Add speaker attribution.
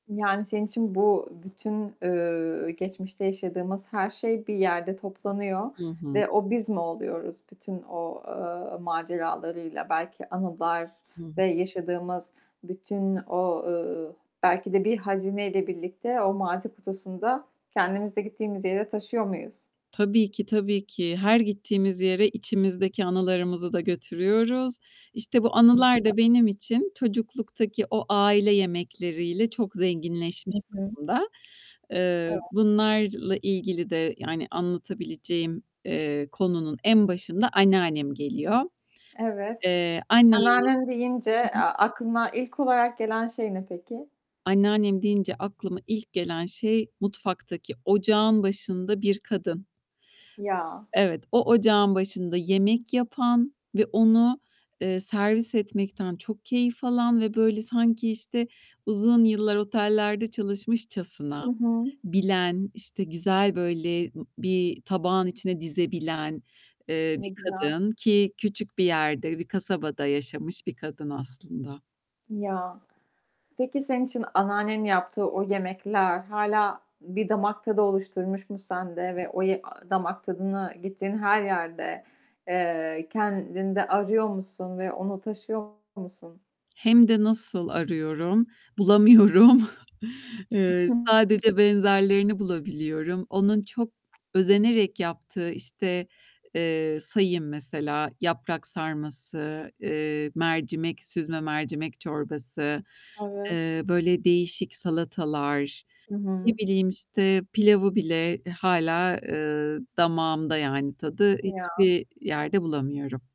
Speaker 1: Yani, senin için bu bütün, ııı, geçmişte yaşadığımız her şey, bir yerde toplanıyor
Speaker 2: Hı hı.
Speaker 1: ve o biz mi oluyoruz bütün o, eee, maceralarıyla, belki anılar
Speaker 2: Hı.
Speaker 1: ve yaşadığımız bütün o, ııı, belki de bir hazineyle birlikte o martı kutusunda kendimizi de gittiğimiz yere taşıyor muyuz?
Speaker 2: Tabii ki, tabii ki. Her gittiğimiz yere içimizdeki anılarımızı da götürüyoruz. İşte, bu
Speaker 1: Ne
Speaker 2: anılar
Speaker 1: güzel.
Speaker 2: da benim için çocukluktaki o aile yemekleriyle çok
Speaker 1: Hı
Speaker 2: zenginleşmiş
Speaker 1: hı.
Speaker 2: durumda. Eee,
Speaker 1: Evet.
Speaker 2: bunlarla ilgili de, yani, anlatabileceğim, eee, konunun en başında anneannem geliyor.
Speaker 1: Evet,
Speaker 2: Eee, anne
Speaker 1: anneannem deyince, eee, aklına ilk olarak gelen şey ne peki?
Speaker 2: Anneannem deyince aklıma ilk gelen şey, mutfaktaki ocağın başında bir kadın.
Speaker 1: Ya!
Speaker 2: Evet, o ocağın başında yemek yapan ve onu, eee, servis etmekten çok keyif alan ve böyle sanki işte, uzun yıllar otellerde
Speaker 1: I
Speaker 2: çalışmışçasına
Speaker 1: hı.
Speaker 2: bilen, işte, güzel böyle, ııı, bir tabağın içine dizebilen, eee,
Speaker 1: Ne
Speaker 2: bir
Speaker 1: güzel.
Speaker 2: kadın ki küçük bir yerde, bir kasabada yaşamış bir kadın aslında.
Speaker 1: Ya! Peki senin için anneannenin yaptığı o yemekler hâlâ bir damak tadı oluşturmuş mu sende ve o ye a damak tadına gittiğin her yerde, eee, kendinde arıyor musun ve onu taşıyor musun?
Speaker 2: Hem de nasıl arıyorum? Bulamıyorum.
Speaker 1: I
Speaker 2: Eee,
Speaker 1: hı.
Speaker 2: sadece benzerlerini bulabiliyorum. Onun çok özenerek yaptığı, işte, eee, sayayım mesela yaprak sarması, eee, mercimek süzme mercimek çorbası,
Speaker 1: Evet.
Speaker 2: eee, böyle değişik salatalar,
Speaker 1: Hı
Speaker 2: ne
Speaker 1: hı.
Speaker 2: bileyim, işte, pilavı bile hâlâ, eee, damağımda, yani tadı,
Speaker 1: Ya!
Speaker 2: hiçbir yerde bulamıyorum.